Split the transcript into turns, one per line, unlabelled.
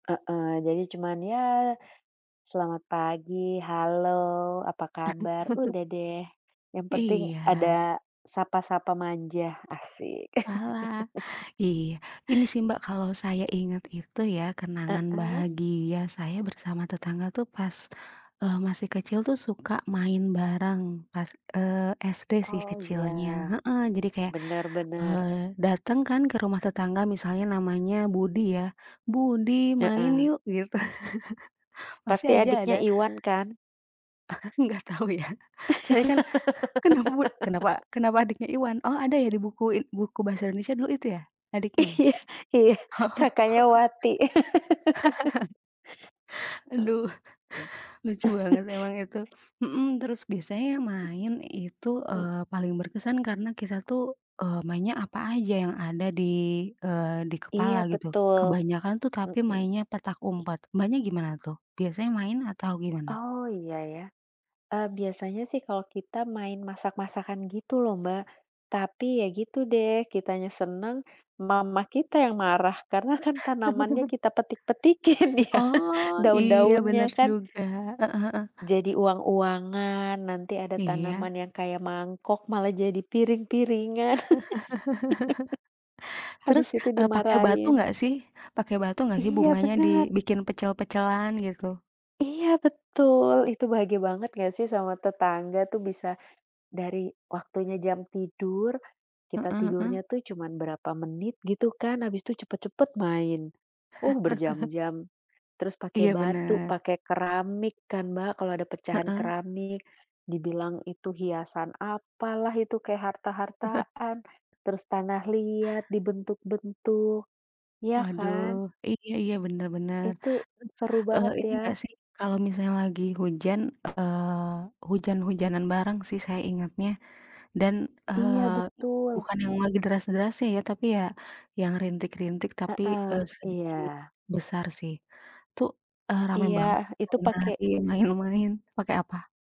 Heeh, jadi cuman ya, selamat pagi, halo, apa kabar, udah deh yang penting
Iya.
ada sapa-sapa manja, asyik.
Walah, iya. Ini sih, Mbak, kalau saya ingat itu ya kenangan
Heeh.
bahagia saya bersama tetangga tuh pas, eee, masih kecil tuh suka main barang pas, eee, SD sih
Oh, iya,
kecilnya, heeh, jadi kayak,
bener bener.
eee, dateng kan ke rumah tetangga misalnya namanya Budi ya, "Budi main
Heeh.
yuk," gitu, pasti
Pasti
aja
adiknya
ada
Iwan kan?
Aku nggak tau ya, soalnya kan, kenapa bud kenapa kenapa adiknya Iwan? Oh ada ya di buku in buku bahasa Indonesia dulu itu ya? Adiknya ya?
Iya iya,
Oh.
kakaknya Wati.
Aduh, lucu banget emang itu. Mhm, terus biasanya main itu, eee, paling berkesan karena kita tuh, eee, mainnya apa aja yang ada di, eee, di
Iya,
kepala gitu.
betul,
Kebanyakan tuh tapi
mmm.
mainnya petak umpet. Mbaknya gimana tuh? Biasanya main atau gimana?
Oh, iya iya, eee, biasanya sih kalau kita main masak-masakan gitu loh, Mbak, tapi ya gitu deh kitanya seneng, mama kita yang marah karena kan tanamannya kita petik-petikin ya,
Oh, iya, bener
daun-daunnya kan
juga. Heeh heeh.
jadi uang-uangan, nanti ada
Iya.
tanaman yang kayak mangkok malah jadi piring-piringan.
Terus,
Habis itu
eee, pakai batu
dimarahin.
gak sih pakai batu gak sih
Iya,
bunganya
bener.
dibikin pecel-pecelan gitu?
Iya, betul, itu bahagia banget gak sih sama tetangga tuh bisa dari waktunya jam tidur, kita
Heeh heeh.
tidurnya tuh cuman berapa menit gitu kan, abis itu cepet-cepet main. Oh, berjam-jam terus pakai
Iya,
batu,
bener.
pakai keramik kan, Mbak, kalau ada pecahan
Heeh.
keramik dibilang itu hiasan apalah, itu kayak harta-hartaan. Terus tanah liat dibentuk-bentuk, iya
Waduh,
kan.
iya iya, bener bener.
Itu
Terus,
seru
eee,
banget
ini gak
ya.
sih kalau misalnya lagi hujan, eee, hujan-hujanan bareng sih saya ingatnya. Dan,
Iya,
eee,
betul.
bukan yang lagi deras-derasnya ya tapi ya yang rintik-rintik tapi,
Heeh,
eee,
iya.
sedikit besar sih itu, eee, rame
Iya,
banget itu
itu pakai
nari-nari, main-main pakai apa?